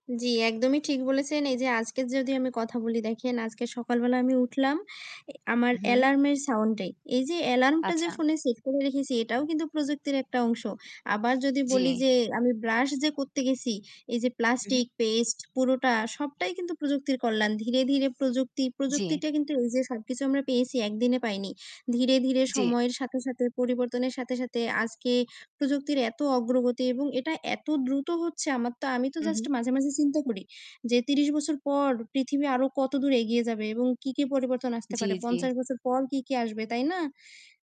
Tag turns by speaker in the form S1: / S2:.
S1: জ্বি একদমই ঠিক বলেছেন। এইযে আজকের যদি আমি কথা বলি, দেখেন আজকে সকালবেলা আমি উঠলাম এ আমার
S2: হু।
S1: অ্যালার্মের সাউন্ডে। এইযে অ্যালার্মটা যে
S2: আচ্ছা।
S1: ফোনে সেট করে রেখেছি এটাও কিন্তু প্রযুক্তির একটা অংশ। আবার যদি বলি
S2: জ্বি।
S1: যে আমি ব্রাশ যে করতে গেছি, এইযে
S2: হু, হু।
S1: প্লাস্টিক, পেস্ট, পুরোটা সবটাই কিন্তু প্রযুক্তির কল্যাণ। ধীরে, ধীরে প্রযুক্তি
S2: জ্বি।
S1: প্রযুক্তিটা কিন্তু এইযে সবকিছু আমরা পেয়েছি, ১ দিনে পাইনি। ধীরে, ধীরে
S2: জ্বি।
S1: সময়ের সাথে, সাথে পরিবর্তনের সাথে, সাথে আজকে প্রযুক্তির এত অগ্রগতি এবং এটা এত দ্রুত হচ্ছে! আমার তো আমি তো
S2: হু,
S1: জাস্ট
S2: হু।
S1: মাঝে, মাঝে চিন্তা করি যে ৩০ বছর পর পৃথিবী আরো কতদূর এগিয়ে যাবে এবং কি, কি পরিবর্তন আসতে
S2: জ্বি,
S1: পারে।
S2: জ্বি।
S1: ৫০ বছর পর কী, কী আসবে? তাই না?